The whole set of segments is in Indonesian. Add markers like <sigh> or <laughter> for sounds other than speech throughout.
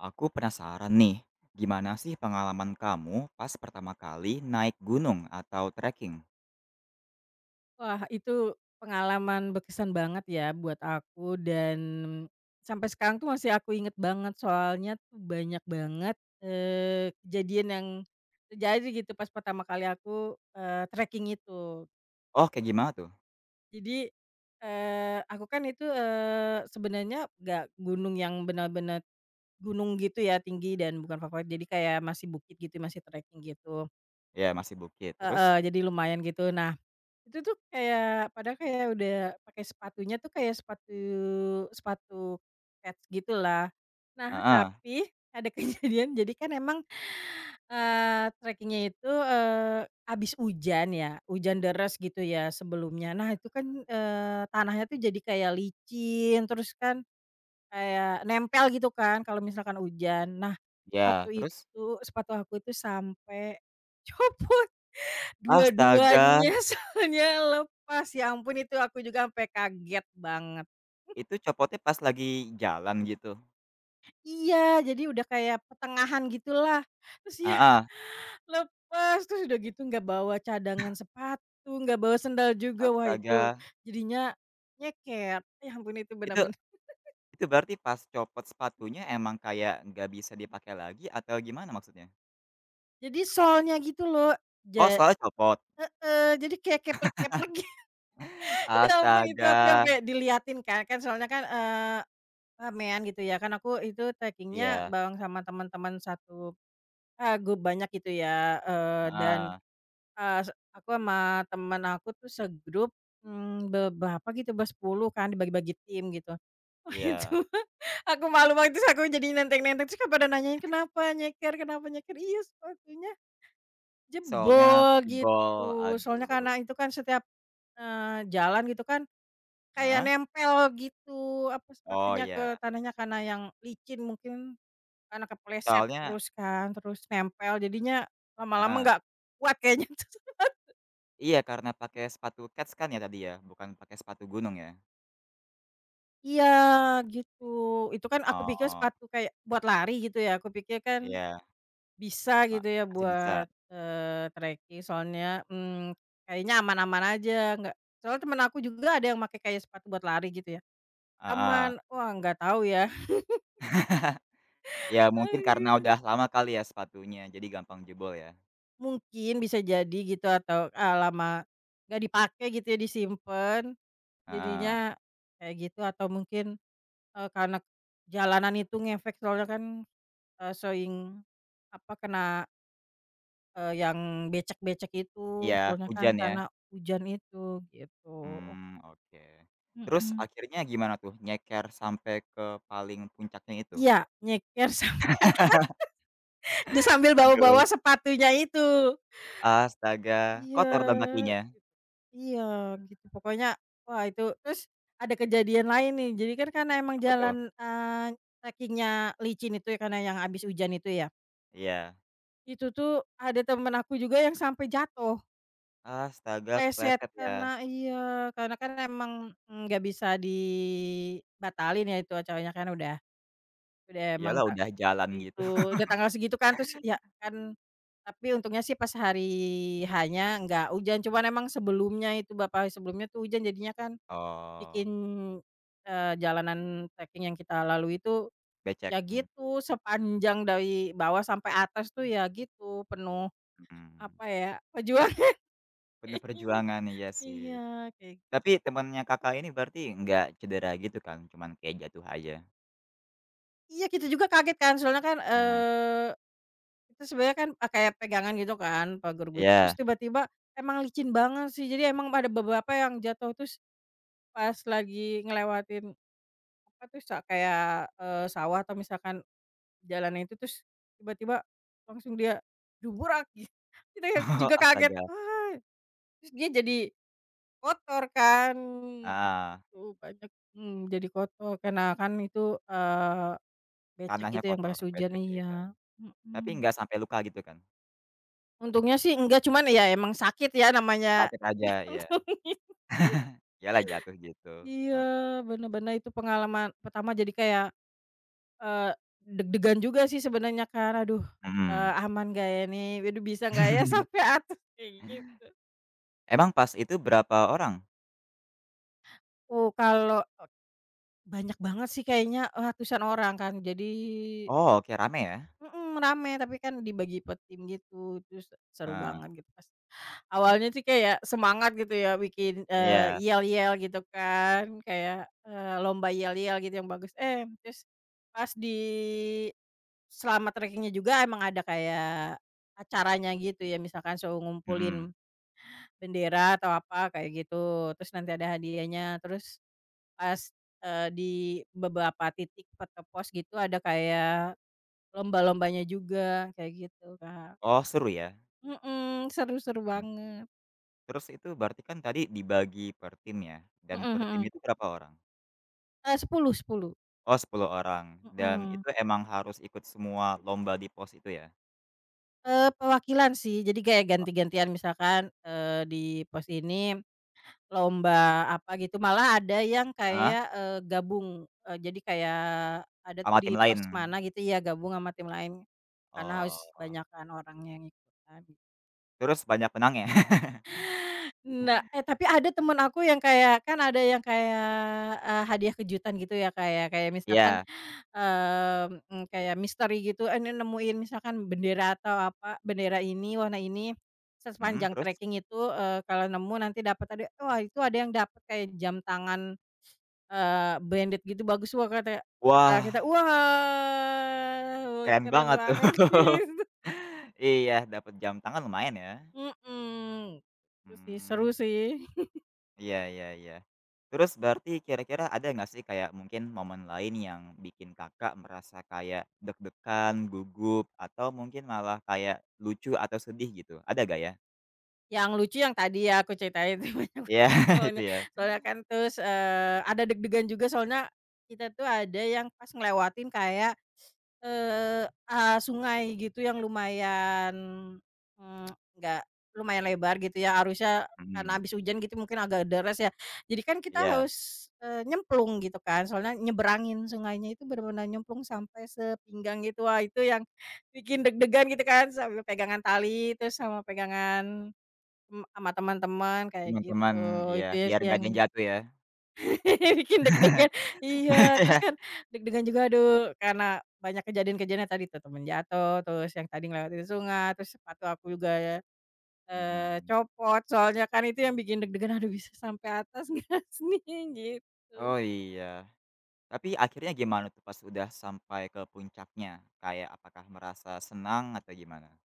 Aku penasaran nih, gimana sih pengalaman kamu pas pertama kali naik gunung atau treking? Wah itu pengalaman berkesan banget ya buat aku dan sampai sekarang tuh masih aku inget banget soalnya tuh banyak banget, eee, kejadian yang, terjadi gitu pas pertama kali aku, eee, treking itu. Oh, kayak gimana tuh? Jadi, eee, aku kan itu, eee, sebenernya gak gunung yang benar-benar gunung gitu ya tinggi dan bukan favorit jadi kayak masih bukit gitu masih treking gitu. Iya masih bukit terus? Heeh, jadi lumayan gitu nah, itu tuh kayak padahal kayak udah pakai sepatunya tuh kayak sepatu sepatu kets gitu lah, nah Heeh. tapi ada kejadian jadi kan emang, eee, trekingnya itu, eee, habis hujan ya, hujan deras gitu ya sebelumnya nah itu kan, eee, tanahnya tuh jadi kayak licin terus kan, kayak nempel gitu kan kalo misalkan hujan, nah Iya, sepatu terus? itu sepatu aku tuh sampe copot Astaga! dua-duanya solnya lepas ya ampun itu aku juga ampe kaget banget. <chuckles> Itu copotnya pas lagi jalan gitu? Iya jadi udah kayak pertengahan gitulah terus ya, Heeh. lepas! Terus udah gitu gak bawa cadangan <chuckles> sepatu, gak bawa sendal juga, wah itu Astaga. jadinya nyeker, ya ampun itu Itu benar-benar. <chuckles> itu berarti pas copot sepatunya emang kayak nggak bisa dipakai lagi atau gimana maksudnya? Jadi solnya gitu loh Oh ja solnya copot? heeh, jadi kayak keplek-keplek <chuckles> gi ya ampun itu aku yang Astaga. kek diliatin Kak, kan soalnya kan, eee, ramean gitu ya kan aku itu trekingnya Iya. bareng sama teman-teman satu, eee, grup banyak gitu ya, eee, dan, Heeh. eee, s aku sama teman aku tuh segrup, mmm, be berapa gitu, bersepuluh kan dibagi-bagi tim gitu. Wah itu Iya. aku malu waktu aku jadi nenteng-nenteng terus kek pada nanyain, "Kenapa nyeker kenapa nyeker?" "Iya sepatunya, Solnya jebol," jebol, gitu soalnya aduh. karena itu kan setiap, eee, jalan gitu kan kayak Heeh? nempel gitu apa, Oh sepatunya ke iya. tanahnya, karena yang licin mungkin, karena kepleset Soalnya terus kan, terus nempel jadinya lama-lama Heeh. gak kuat kayaknya tuh. <chuckles> Iya karena pakai sepatu kets kan ya tadi ya, bukan pakai sepatu gunung ya? Iya gitu, itu kan aku pikir Oh. sepatu kayak buat lari gitu ya aku pikir kan, Iya. bisa Ma gitu ya masih bisa. buat, eee, treking soalnya, mmm, kayaknya aman-aman aja gak soalnya teman aku juga ada yang makai kayak sepatu buat lari gitu ya, Heeh. aman wah gak tau ya. <chuckles> <chuckles> Ya mungkin karena Aduh. udah lama kali ya sepatunya, jadi gampang jebol ya. Mungkin bisa jadi gitu atau, eee, lama, gak dipake gitu ya disimpan Heeh. jadinya kayak gitu atau mungkin, eee, karena jalanan itu ngefek soalnya kan, eee, sering apa, kena eee, yang becek-becek itu Iya, sebenernya kan hujan ya? karena hujan itu gitu. Mmm, oke, terus Mhm. akhirnya gimana tuh nyeker sampai ke paling puncaknya itu? Iya nyeker sampai <laughs> <laughs> ya sambil bawa-bawa Aduh. sepatunya itu. Astaga Iya kotor dong git kakinya? iya gitu pokoknya wah itu. Terus ada kejadian lain nih, jadi kan karena emang Apa tuh? jalan, eee, trekingnya licin itu ya karena yang habis hujan itu ya. Iya. Itu tuh ada teman aku juga yang sampai jatuh. Astaga Pleset kepleset ya. karena iya karena kan emang ng nggak bisa dibatalin ya itu acaranya kan udah udah emang Iyalah ta udah jalan gitu. itu, udah <chuckles> tanggal segitu kan terus ya kan, tapi untungnya sih pas hari H-nya gak hujan cuman emang sebelumnya itu bapa sebelumnya tuh hujan jadinya kan, bikin, Oh. eee, jalanan treking yang kita lalui itu, Becek, ya hmm. gitu sepanjang dari bawah sampai atas tuh ya gitu penuh, Mhm. apa ya, perjuangan Penuh <chuckles> perjuangan iya sih. Iya kayak Tapi temannya Kakak ini berarti nggak cedera gitu kan cuman kayak jatuh aja? Iya kita juga kaget kan soalnya kan, Heeh. eee, itu sebenernya kan, pake pegangan gitu kan pager wit terus Iya. tiba-tiba emang licin banget sih jadi emang ada beberapa yang jatuh terus, pas lagi ngelewatin, apa tuh, sa kayak, eee, sawah atau misalkan jalannya itu, terus tiba-tiba langsung dia gitu. Kita yang Oh juga kaget, astaga. "Wah!" terus dia jadi, kotor kan Heeh. gitu, banyak mmm, jadi kotor karena kan itu, eee, becek Tanahnya itu yang pas kotor hujan becek ya kan. iya, Tapi mhm. nggak sampai luka gitu kan? Untungnya sih enggak cuman ya emang sakit ya namanya Sakit aja iya. <laughs> <chuckles> Iya lah jatuh gitu, Iya heeh. benar-benar itu pengalaman pertama jadi kayak, eee, deg-degan juga sih sebenernya kan, aduh, eee, Mhm. "Aman gak ya ini? Waduh bisa gak ya <chuckles> sampai atas?" Kayak gitu. Emang pas itu berapa orang? Oh kalau banyak banget sih kayaknya, eee, ratusan orang kan jadi Oh, oke rame ya. Mhm, rame tapi kan dibagi per tim gitu, terus seru Heeh. banget gitu. Awalnya sih kayak semangat gitu ya bikin, eee, Iya. yel-yel gitu kan kayak, eee, lomba yel-yel gitu yang bagus, eh, terus, pas di selama trekingnya juga emang ada kayak acaranya gitu ya, misalkan suruh Mhm. ngumpulin, bendera atau apa kayak gitu, terus nanti ada hadiahnya terus, pas, eee, di beberapa titik per ke pos gitu ada kayak lomba-lombanya juga, kayak gitu Kak. Oh seru ya. Mhm, seru seru Mhm. banget. Terus itu berarti kan tadi dibagi per tim ya, dan Mhm per tim mhm. itu berapa orang? Eee, sepuluh sepuluh. Oh 10 orang dan Mhm. itu emang harus ikut semua lomba di pos itu ya? Eee, perwakilan sih jadi kayak Oh. ganti-gantian misalkan, eee, di pos ini, lomba apa gitu. Malah ada yang Heeh. kayak, eee, gabung, eee, jadi kayak ada tuh Ama di tim lain. pos mana gitu ya gabung sama tim lain, karena harus Oh. banyakan orangnya yang ikutan. Terus banyak menangnya? <chuckles> Nah eh tapi ada teman aku yang kayak kan ada yang kayak, eee, hadiah kejutan gitu ya Kak ya, kayak misalkan, Iya. mmm, kayak misteri gitu ini nemuin misalkan bendera atau apa, bendera ini warna ini, se Mhm, sepanjang terus? treking itu, eee, kalo nemu nanti dapat hadiah. Wah itu ada yang dapat kayak jam tangan, <sniffs> eee, branded gitu bagus wah ka kayak gitu kan, Wah. kita wah wah Keren keren banget tuh, banget <chuckles> gitu. iya dapet jam tangan lumayan ya. Mhm, seru sih seru Mmm. sih. <chuckles> Iya iya iya, terus berarti kira-kira ada nggak sih kayak mungkin momen lain yang bikin Kakak merasa kayak deg-degan, gugup atau mungkin malah kayak lucu atau sedih gitu ada nggak ya? Yang lucu yang tadi ya aku ceritain, itu banyak Iya <unintelligible> itu soalnya ya. soalnya kan terus, eee, ada deg-degan juga soalnya, kita tuh ada yang pas ngelewatin kayak, <sniffs> eee, ah, sungai gitu yang lumayan, mmm, <tsk> gak lumayan lebar gitu ya arusnya karena Mmm. habis hujan gitu mungkin agak deras ya, jadi kan kita Iya. harus, eee, nyemplung gitu kan soalnya nyebrangin sungainya itu bener-bener nyemplung sampai sepinggang gitu, wah itu yang bikin deg-degan gitu kan sambil pegangan tali terus sama pegangan, mmm, sama teman-teman kayak gitu. Teman-teman, iya Itu ya biar sih gak yang, ada yang jatuh ya. <laughs> bikin deg-degan. Iya, terus <laughs> kan deg-degan juga aduh karena banyak kejadian-kejadian yang tadi tuh, teman jatuh terus yang tadi ngelewatin sungai, terus sepatu aku juga ya, eee, Mhm. copot soalnya kan itu yang bikin deg-degan, "Aduh bisa sampai atas gak sih ini?" gitu. Oh iya, tapi akhirnya gimana tuh pas udah sampai ke puncaknya kayak apakah merasa senang atau gimana?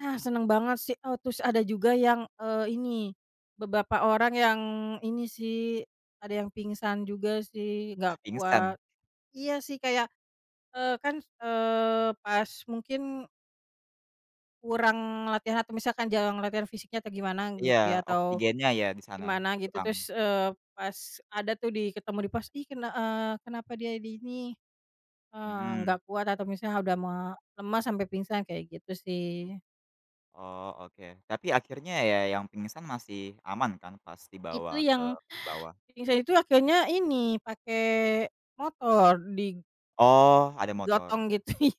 Ah, seneng banget sih. Oh terus ada juga yang, eee, ini, beberapa orang yang ini sih, ada yang pingsan juga sih gak Ah, pingsan? kuat. Iya sih kayak, eee, kan, eee, pas mungkin kurang latihan atau misalkan jarang latihan fisiknya atau gimana Iya gitu ya atau, oksigennya ya di sana gimana gitu kurang. terus, eee, pas ada tuh di ketemu di pos, "Ih, ken eee, kenapa dia di ini?" eee, Mhm. gak kuat atau misalnya udah me lemas sampai pingsan kayak gitu sih. Oh oke, tapi akhirnya ya yang pingsan masih aman kan pas di bawa Itu ke yang bawah? pingsan itu akhirnya ini pake motor di Oh ada motor. gotong gitu, iya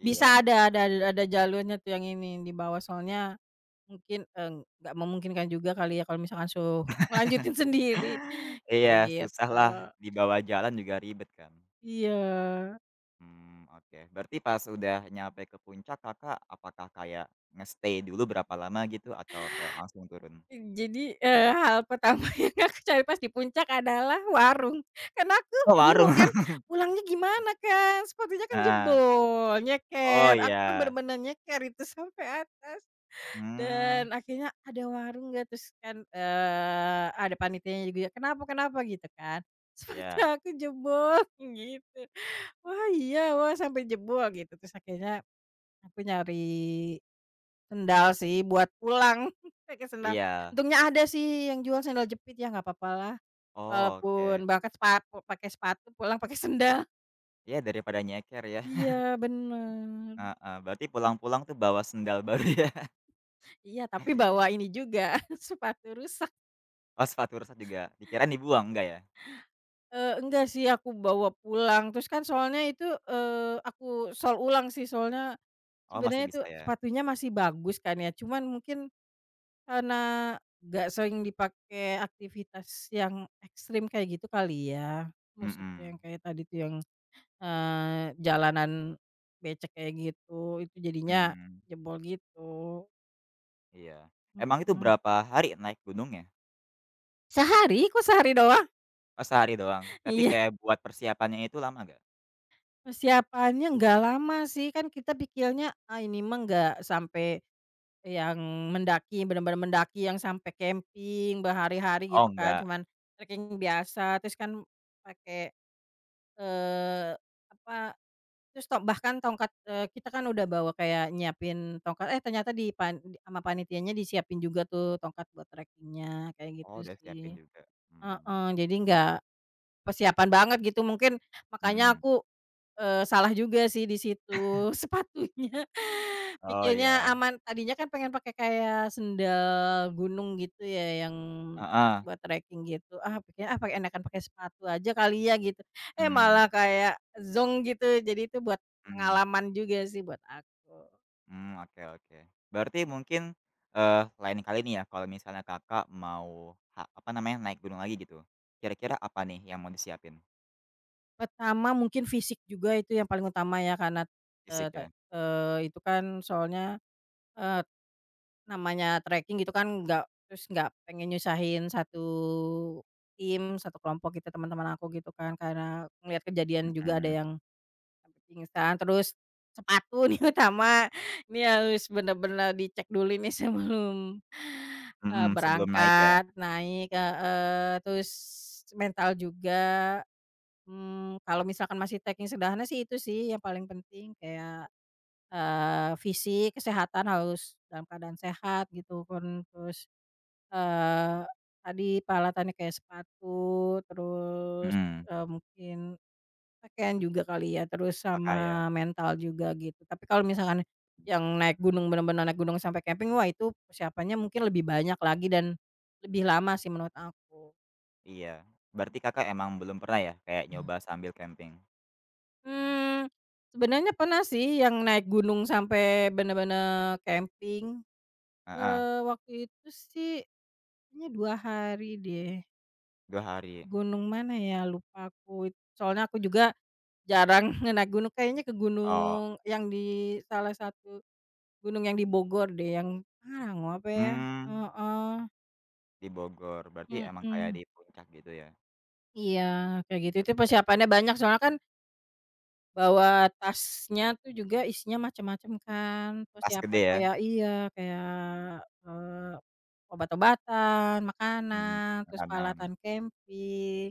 bisa ada ada ada jalurnya tuh yang ini dibawa soalnya, mungkin, eee, gak memungkinkan juga kali ya kalo misalkan suruh <chuckles> ngelanjutin sendiri, jadi Iya susah gitu. lah dibawa jalan juga ribet kan. Iya. Mmm, oke berarti pas udah nyampe ke puncak Kakak apakah kayak nge-stay dulu berapa lama gitu atau kayak langsung turun? Jadi, eee, hal pertama yang aku cari pas dipuncak adalah warung, kan aku Oh warung. bingung kan, pulangnya <chuckles> gimana Kak, sepatunya kan Heeh. jebol, Oh nyeker aku kan iya. benar-benar nyeker itu sampai atas. Mmm. Dan akhirnya ada warung gak terus kan, eee, ada panitianya juga, "Kenapa kenapa?" Gitu kan, "Sepatu Iya. aku jebol," gitu. "Wah iya? Wah sampai jebol?" gitu terus akhirnya, aku nyari, sendal sih buat pulang <chuckles> pake sendal, Iya. untungnya ada sih yang jual sendal jepit ya nggak papa lah, Oh oke. walaupun berangkat sepatu, pakai sepatu pulang pakai sendal. Ya dari pada nyeker ya. <chuckles> Iya bener. Heeh, berarti pulang-pulang tuh bawa sendal baru ya. Iya tapi bawa ini juga, <chuckles> sepatu rusak. Oh sepatu rusak juga, dikirain dibuang enggak ya? Eee, enggak sih aku bawa pulang, terus kan soalnya itu, eee, aku sol ulang sih solnya, Oh masih sebenernya itu bisa ya. sepatunya masih bagus kan ya, cuman mungkin, karena gak sering dipakai aktivitas yang ekstrim kayak gitu kali ya, maksudnya yang Mhm. kayak tadi tuh yang, eee, jalanan becek kayak gitu, itu jadinya Mmm. jebol gitu. Iya, emang itu Mhm. berapa hari naik gunungnya? Sehari? Kok sehari doang? Oh sehari doang, tapi Iya. kayak buat persiapan nya itu lama enggak? Persiapannya gak lama sih, kan kita pikirnya ah ini mah gak sampai, yang mendaki bener-bener mendaki yang sampe camping berhari-hari, Oh, gitu kan enggak. cuman treking biasa terus kan pake, eee, apa, terus to bahkan tongkat, eee, kita kan udah bawa kayak nyiapin tongkat, eh, ternyata di pan ama panitianya disiapin juga tuh tongkat buat trekingnya kayak Oh gitu udah siapin sih. juga, mmm. Heeh, jadi gak persiapan banget gitu mungkin makanya Mhm. aku, eee, salah juga sih di <chuckles> situ sepatunya, Oh pikirnya iya. aman. Tadinya kan pengen pake kayak sendal gunung gitu ya yang Heeh. buat treking gitu, ah pake ah, enakan pakai sepatu aja kali ya gitu. Eh, Mmm. malah kayak zonk gitu, jadi itu buat Mmm. pengalaman juga sih buat aku. Mmm, oke oke berarti mungkin, eee, lain kali ini ya kalau misalnya Kakak mau ha apa namanya, naik gunung lagi gitu, kira-kira apa nih yang mau disiapin? Pertama mungkin fisik juga itu yang paling utama ya karena, eee, Fisik te ya. eee, itu kan soalnya, eee, namanya treking gitu kan gak terus gak pengen nyusahin satu tim, satu kelompok gitu, teman-teman aku gitu kan karena ngeliat kejadian juga ada Mhm. yang sampai pingsan terus sepatu nih utama, ini harus benar-benar dicek dulu nih sebelum, eee, Mhm, sebelum naik ya. berangkat naik, heeh, terus mental juga, mmm, kalo misalkan masih treking sederhana sih itu sih yang paling penting kayak, eee, fisik, kesehatan harus dalam keadaan sehat gitu pun, terus, eee, tadi peralatannya kayak sepatu, terus, Mhm. eee, mungkin pakaian juga kali ya, terus Pakaian. sama mental juga gitu, tapi kalo misalkan yang naik gunung, benar-benar naik gunung sampai camping wah itu persiapannya mungkin lebih banyak lagi dan, lebih lama sih menurut aku. Iya berarti Kakak emang belum pernah ya kayak Mmm. nyoba sambil camping? Mmm, sebenernya pernah sih yang naik gunung sampai benar-benar camping, Heeh. eee, waktu itu sih kayaknya 2 hari deh. 2 hari. Gunung mana ya lupa aku, soalnya aku juga jarang <chuckles> naik gunung, kayaknya ke Oh. gunung yang di salah satu gunung yang di Bogor deh yang, ah, gunung apa ya? Mmm. Heeh. Di Bogor, berarti emang kayak Mhm. di Puncak gitu ya. Iya, kayak gitu itu Oke. persiapannya banyak soalnya kan bawa tasnya tuh juga isinya macam-macam kan, Tas gede persiapan ya. kayak iya kayak, eee, obat-obatan, Mhm, makanan, terus makanan. peralatan camping,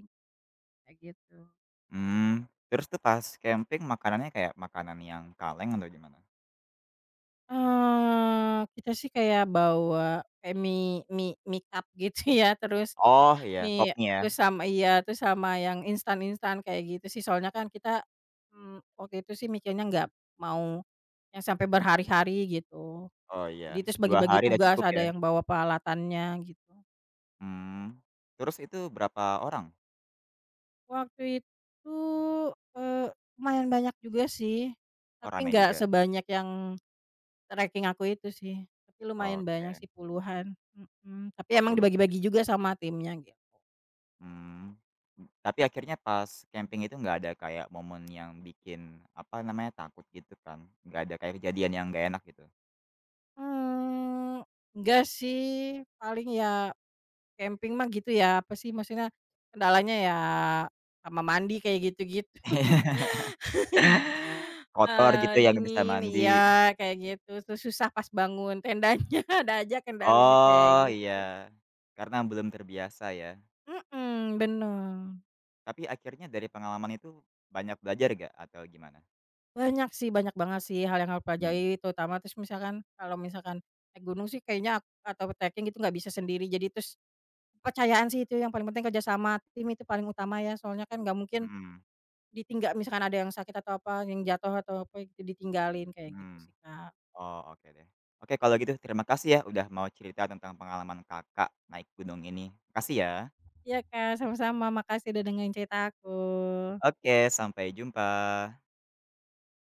kayak gitu. Mmm, terus tuh pas camping makanannya kayak makanan yang kaleng atau gimana? Eee, kita sih kayak bawa kayak mie mie mie cup gitu ya terus, Oh iya pop mie mie terus ya. sama iya, terus sama yang instan-instan kayak gitu sih soalnya kan kita, mmm, waktu itu sih mikirnya gak mau yang sampai berhari-hari gitu, Oh iya, jadi terus 2 bagi-bagi hari udah tugas cukup ada ya. yang bawa peralatannya gitu. Mmm, terus itu berapa orang? Waktu itu, eee, lumayan banyak juga sih, Oh tapi rame gak juga. sebanyak yang, treking aku itu sih. Tapi lumayan banyak Oke. sih puluhan, mhm, tapi Oh emang puluhan. dibagi-bagi juga sama timnya, gitu. Mmm, tapi akhirnya pas camping itu enggak ada kayak momen yang bikin apa namanya takut gitu kan? Enggak ada kayak kejadian yang enggak enak gitu? Mmm, enggak sih, paling ya, camping mah gitu ya, apa sih maksudnya, kendalanya ya sama mandi kayak gitu-gitu. <laughs> <laughs> Kotor gitu Eee, ya nggak bisa dingin mandi. iya kayak gitu, terus susah pas bangun tendanya, ada aja kendalanya kayak Oh iya, gitu. karena belum terbiasa ya. Mhm, benar. Tapi akhirnya dari pengalaman itu banyak belajar gak atau gimana? Banyak sih, banyak banget sih hal yang aku Mmm. pelajari terutama terus misalkan kalau misalkan naik gunung sih kayaknya atau treking gitu gak bisa sendiri jadi terus, kepercayaan sih itu yang paling penting kerja sama tim itu paling utama ya, soalnya kan gak mungkin, Mhm. ditinggal misalkan ada yang sakit atau apa, yang jatuh atau apa ditinggalin, kayak gitu Mmm, sih Kak. oh oke deh. Oke kalau gitu terima kasih ya udah mau cerita tentang pengalaman Kakak naik gunung ini makasih ya. Iya Kak sama-sama, makasih udah dengerin cerita aku. Oke sampai jumpa.